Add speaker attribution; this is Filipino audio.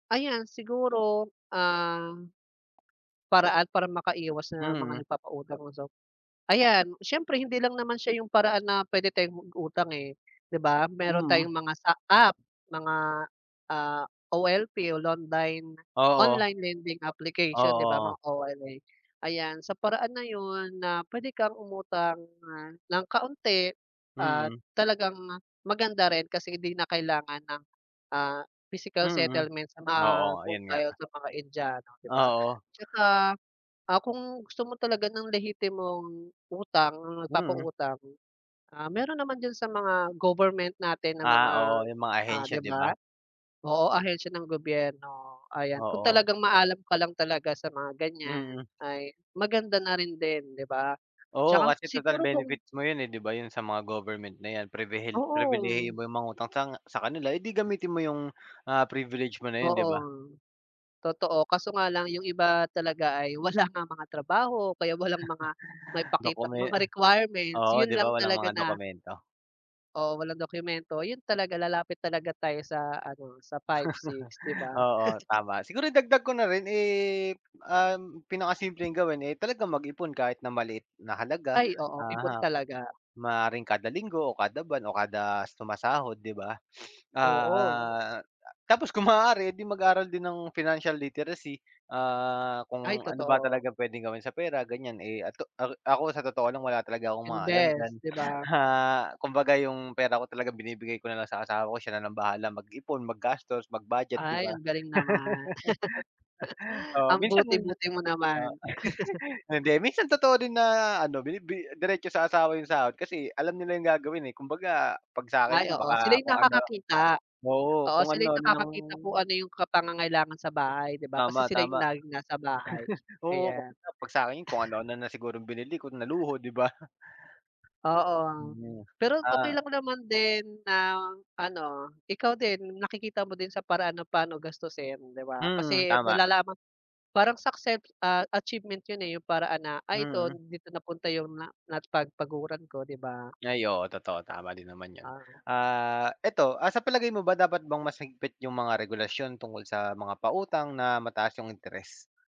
Speaker 1: Ayan, siguro ah paraan para makaiwas sa
Speaker 2: Mm.
Speaker 1: mga nagpapautang, 'no so. Ayan, siyempre hindi lang naman siya 'yung paraan na puwede tayong mag-utang, eh, 'di ba? Meron
Speaker 2: Mm.
Speaker 1: tayong mga sa app, mga, ah, OLP o londine
Speaker 2: Oo.
Speaker 1: online lending application, 'di ba,
Speaker 2: Oo.
Speaker 1: mga OLA. Ayan, sa paraan na 'yun, na puwede kang umutang, ah, ng kaunti. At
Speaker 2: Mm.
Speaker 1: talagang maganda rin kasi 'di na kailangan ng, ah, physical
Speaker 2: Mm.
Speaker 1: settlement sa mga
Speaker 2: Oo, ayun nga.
Speaker 1: bombay o sa mga indiano, 'di ba?
Speaker 2: Oo.
Speaker 1: Tsaka, ah, kung gusto mo talaga ng lehitimong utang,
Speaker 2: Mm.
Speaker 1: nagpapautang, ah, meron naman diyan sa mga government natin na
Speaker 2: Ah,
Speaker 1: mga,
Speaker 2: oo, 'yung mga
Speaker 1: ah,
Speaker 2: ahensya,
Speaker 1: 'di
Speaker 2: 'di
Speaker 1: ba?
Speaker 2: ba?
Speaker 1: Oo, ahensiya ng gobyerno. Ayan kung
Speaker 2: Oo.
Speaker 1: talagang maalam ka lang talaga sa mga ganiyan
Speaker 2: Mm.
Speaker 1: ay maganda na rin din 'di ba?
Speaker 2: Oo,
Speaker 1: Tsaka
Speaker 2: kasi total
Speaker 1: siguro kung
Speaker 2: benefits mo 'yun, eh, 'di ba? 'Yung sa mga government na 'yan prebehel
Speaker 1: Oo.
Speaker 2: pribilehiyo mo 'yung mangutang tang sa kanila, eh, di gamitin mo 'yung, ah, privilege mo na 'yun, 'di
Speaker 1: Oo,
Speaker 2: ba?
Speaker 1: totoo. Kaso nga lang 'yung iba talaga ay wala ngang mga trabaho, kaya walang mga maipakitang
Speaker 2: Dokume
Speaker 1: mga requirements.
Speaker 2: oo
Speaker 1: 'Yun
Speaker 2: 'di ba
Speaker 1: lang
Speaker 2: walang
Speaker 1: talaga
Speaker 2: mga
Speaker 1: na
Speaker 2: dokumento?
Speaker 1: oo walang dokyumento. 'Yun talaga lalapit talaga tayo sa ano sa, 5, 6 'di ba?
Speaker 2: Oo tama. Siguro idagdag ko na rin, eh, um, pinakasimpleng gawin, eh, talagang mag-ipon kahit na maliit na halaga,
Speaker 1: Ay oo, ipon
Speaker 2: aha
Speaker 1: talaga.
Speaker 2: maaaring kada linggo o kada buwan o kada sumasahod, 'di ba?
Speaker 1: Oo.
Speaker 2: Ah, tapos kung maaari di mag-aaral din ng financial literacy. Ah,
Speaker 1: Ay,
Speaker 2: kung ano ba
Speaker 1: totoo.
Speaker 2: talaga puwedeng gawin sa pera ganiyan. Eh, ato a ako, sa totoo lang wala talaga akong mga alam diyan.
Speaker 1: Invest, 'di ba?
Speaker 2: Ha, kumbaga, yung pera ko talaga binibigay ko na lang sa asawa ko. Siya na lang bahala mag-ipon, maggastos, mag-budget, 'di
Speaker 1: Ay
Speaker 2: ba?
Speaker 1: ang galing naman.
Speaker 2: Oh,
Speaker 1: Ang
Speaker 2: minsan oh
Speaker 1: buti-buti mo naman.
Speaker 2: hindi, minsan totoo din na ano, binibi diretso sa asawa 'yung sahod kasi alam nila 'yung gagawin, eh. Kumbaga 'pag
Speaker 1: Ay,
Speaker 2: sa'kin 'yun
Speaker 1: oo, sila
Speaker 2: baka
Speaker 1: 'yung
Speaker 2: kung ano
Speaker 1: nakakakita.
Speaker 2: oo,
Speaker 1: Oo,
Speaker 2: kung
Speaker 1: sila 'yung
Speaker 2: ano-ano ng
Speaker 1: nakakakita kung ano 'yung ka pangangailangan sa bahay, 'di ba? Kasi
Speaker 2: Tama
Speaker 1: sila 'yung
Speaker 2: tama.
Speaker 1: laging nasa bahay
Speaker 2: Oo, kung
Speaker 1: ayan.
Speaker 2: 'pag sa'kin 'yun, kung ano-ano na sigurong binili ko na luho, 'di ba?
Speaker 1: Oo,
Speaker 2: Mm,
Speaker 1: pero
Speaker 2: ah.
Speaker 1: okey lang naman din na ano, ikaw din nakikita mo din sa paraan na pa'no gastusin, 'di ba?
Speaker 2: Mm,
Speaker 1: Kasi
Speaker 2: tama.
Speaker 1: malalaman parang succeps ah, achievement 'yun, eh, 'yung paraan na, ay ito
Speaker 2: Mm.
Speaker 1: dito napunta 'yung na napagpaguran ko, 'di ba?
Speaker 2: Ay, oo, totoo, tama din naman 'yun.
Speaker 1: Ah.
Speaker 2: Ah, eto ah, sa palagay mo ba dapat bang mas higpit 'yung mga regulasyon tungkol sa mga pautang na mataas 'yung interes?